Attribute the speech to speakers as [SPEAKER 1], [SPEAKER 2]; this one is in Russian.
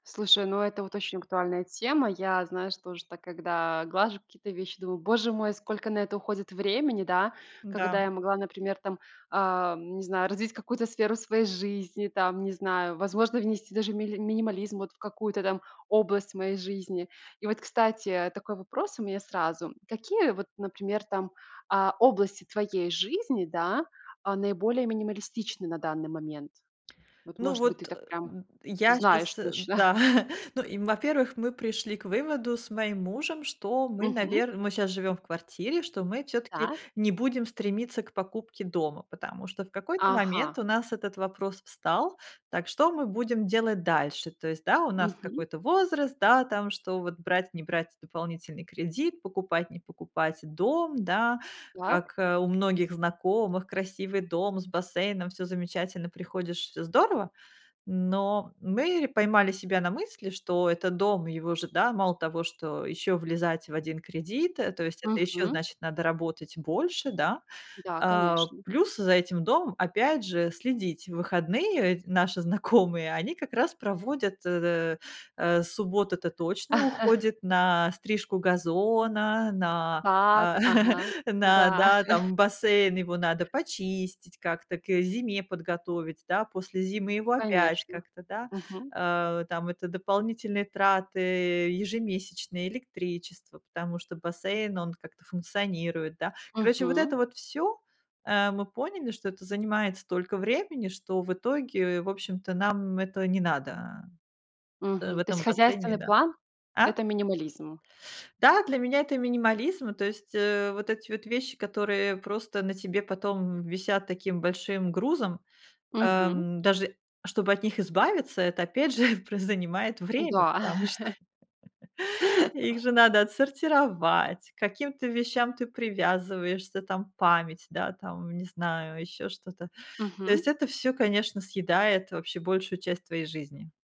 [SPEAKER 1] Слушай, ну, это вот очень актуальная тема. Я знаю, что уже так, когда глажу какие-то вещи, думаю: "Боже мой, сколько на это уходит времени". Да?
[SPEAKER 2] Да.
[SPEAKER 1] Когда я могла, например, там, ам, не знаю, развить какую-то сферу своей жизни, там, не знаю, возможно, внести даже мили минимализм вот в какую-то там область моей жизни. И вот, кстати, такой вопрос у меня сразу. М, какие вот, например, там, а, области твоей жизни, да, а, наиболее минималистичны на данный момент? Вот,
[SPEAKER 2] Ну
[SPEAKER 1] может быть, ты
[SPEAKER 2] вот,
[SPEAKER 1] так
[SPEAKER 2] э,
[SPEAKER 1] прям
[SPEAKER 2] д я
[SPEAKER 1] знаешь
[SPEAKER 2] щас,
[SPEAKER 1] точно?
[SPEAKER 2] да, ну, им, во-первых, мы пришли к выводу с моим мужем, что мы,
[SPEAKER 1] Мгм.
[SPEAKER 2] навер мы щас живём в квартире, что мы всё-таки
[SPEAKER 1] Так.
[SPEAKER 2] не будем стремиться к покупке дома, потому что в какой-то момент
[SPEAKER 1] Ага.
[SPEAKER 2] у нас этот вопрос встал: "Так, что мы будем делать дальше?" То есть, да, у нас вот
[SPEAKER 1] Мгм.
[SPEAKER 2] какой-то возраст, да, там, что вот брать, не брать дополнительный кредит, покупать, не покупать дом, да.
[SPEAKER 1] Так.
[SPEAKER 2] Как, э, у многих знакомых: красивый дом с бассейном, всё замечательно, приходишь- всё здорово. Но мы ре поймали себя на мысли, что это дом, его же, да, мало того, что ещё влезать в 1 кредит, э, то есть это ещё,
[SPEAKER 1] Мгм.
[SPEAKER 2] значит, надо работать больше, да.
[SPEAKER 1] Да,
[SPEAKER 2] А
[SPEAKER 1] конечно.
[SPEAKER 2] плюс за этим домом опять же следить. В выходные ведь наши знакомые, они как раз проводят, э, э, суббота- это точно уходит на стрижку газона, на,
[SPEAKER 1] Сад,
[SPEAKER 2] а
[SPEAKER 1] ага,
[SPEAKER 2] на
[SPEAKER 1] да.
[SPEAKER 2] да, там, бассейн. Его надо почистить как-то, к, ы, зиме подготовить, да, после зимы его опять
[SPEAKER 1] Конечно.
[SPEAKER 2] как-то, да.
[SPEAKER 1] Мгм.
[SPEAKER 2] Э, там, это дополнительные траты ежемесячные, электричество, потому что бассейн, он как-то функционирует, да. Короче, вот
[SPEAKER 1] Мгм.
[SPEAKER 2] это вот всё. Э, мы поняли, что это занимает столько времени, что в итоге, в общем-то, нам это не надо, в
[SPEAKER 1] Мгм. То есть
[SPEAKER 2] этом бассейне,
[SPEAKER 1] хозяйственный
[SPEAKER 2] да.
[SPEAKER 1] план-
[SPEAKER 2] А?
[SPEAKER 1] это минимализм.
[SPEAKER 2] Да, для меня это минимализм, то есть, э, вот эти вот вещи, которые просто на тебе потом, м, висят таким большим грузом,
[SPEAKER 1] Мгм.
[SPEAKER 2] эм, даже чтобы от них избавиться, это опять же пр занимает время,
[SPEAKER 1] Да.
[SPEAKER 2] потому что их же надо отсортировать, к каким-то вещам ты привязываешься, там, память, да, там, не знаю, ещё что-то. То
[SPEAKER 1] Мгм.
[SPEAKER 2] есть это всё, конечно, съедает вообще большую часть твоей жизни.